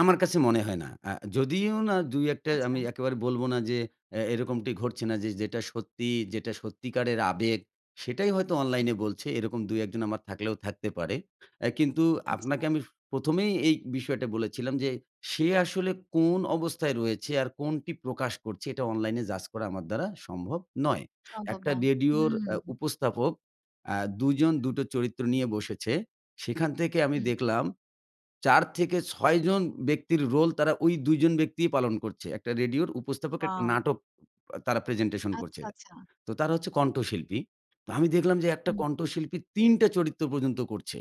আমার কাছে মনে হয় না। আ যদিও না ২-১ টা আমি আচ্ছা। একেবারে বলব না যে এ এরকমটি ঘটছে না যে যেটা সত্যি, যেটা সত্যিকারের আবেগ সেটাই হয়তো অনলাইনে বলছে এরকম ২ ১ জন আমার থাকলেও থাকতে পারে। আ কিন্তু আচ্ছা। আপনাকে আমি ১ম এই এই বিষয়টা বলেছিলাম যে, সে আসলে কোন অবস্থায় রয়েছে আর কোনটি প্রকাশ করছে এটা অনলাইনে জাজ করা আমার দ্বারা সম্ভব নয়। সম্ভব একটা না। রেডিওর আ হুম। উপস্থাপক আ দুজন দুটো চরিত্র নিয়ে বসেছে। সেখান থেকে আমি হুম। দেখলাম ৪ থেকে ৬ জন ব্যক্তির রোল তারা ঐ ২ জন ব্যক্তিই পালন করছে। একটা রেডিওর উপস্থাপক একটা ওয়াও। নাটক তারা প্রেজেন্টেশন করছে। আচ্ছা, আচ্ছা। তো তারা হচ্ছে কণ্ঠশিল্পী। তো আমি দেখলাম যে একটা হুম। কণ্ঠশিল্পী ৩ টা চরিত্র পর্যন্ত করছে।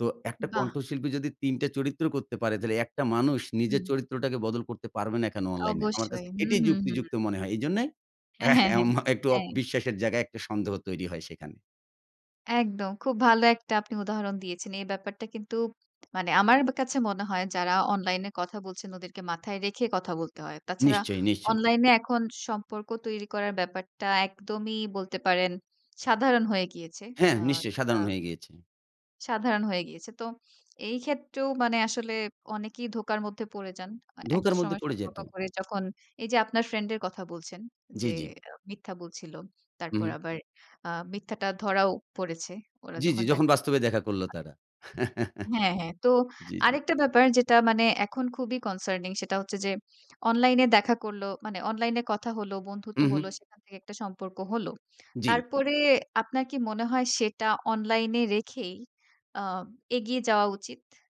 তো একটা বাহ! কণ্ঠশিল্পী যদি ৩ টা চরিত্র করতে পারে তাইলে একটা মানুষ হুম। নিজের চরিত্রটাকে বদল করতে পারবে না কেনো অনলাইনে। আমার কাছে অবশ্যই। হু, এটাই হু, হু। যুক্তিযুক্ত মনে হয়। এজন্য হ্যাঁ, এহ হ্যাঁ, হ্যাঁ, এম একটু হ্যাঁ। বিশ্বাসের জায়গায় একটা সন্দেহ তৈরি হয় সেখানে। একদম খুব ভালো একটা আপনি উদাহরণ দিয়েছেন। এই ব্যাপারটা কিন্তু মানে আমার কাছে মনে হয়, যারা অনলাইন এ কথা বলছেন ওদেরকে মাথায় রেখে কথা বলতে হয়। তাছাড়া নিশ্চয়ই, নিশ্চয়ই। অনলাইন এ এখন সম্পর্ক তৈরি করার ব্যাপারটা একদমই বলতে পারেন সাধারণ হয়ে গিয়েছে। হ্যাঁ, আ নিশ্চয়ই একটা সাধারণ হয়ে গিয়েছে। সাধারণ হয়ে গিয়েছে। তো এই ক্ষেত্রেও মানে আসলে অনেকেই ধোকার মধ্যে পড়ে যান। ধোঁকার একটা মধ্যে সময় পড়ে যায় সম্পর্ক তো। করে যখন এইযে আপনার ফ্রেন্ড এর কথা বলছেন যে জ্বি, জ্বি। আ মিথ্যা বলছিল। হু, তারপর হুম। আবার আ মিথ্যাটা ধরাও পড়েছে। ওরা জ্বি, জি যখন যখন দেখা বাস্তবে দেখা করল তারা। হ্যাঁ, হ্যাঁ। তো জ্বী, জ্বী। আরেকটা ব্যাপার যেটা মানে এখন খুবই কনসার্নিং। সেটা হচ্ছে যে অনলাইন এ দেখা করলো, মানে অনলাইন এ কথা হল, হু, বন্ধুত্ব হল হু। সেখান থেকে একটা সম্পর্ক হলো। জ্বি। তারপরে আপনার কি মনে হয় সেটা অনলাইন এ রেখেই আম এগিয়ে যাওয়া উচিত?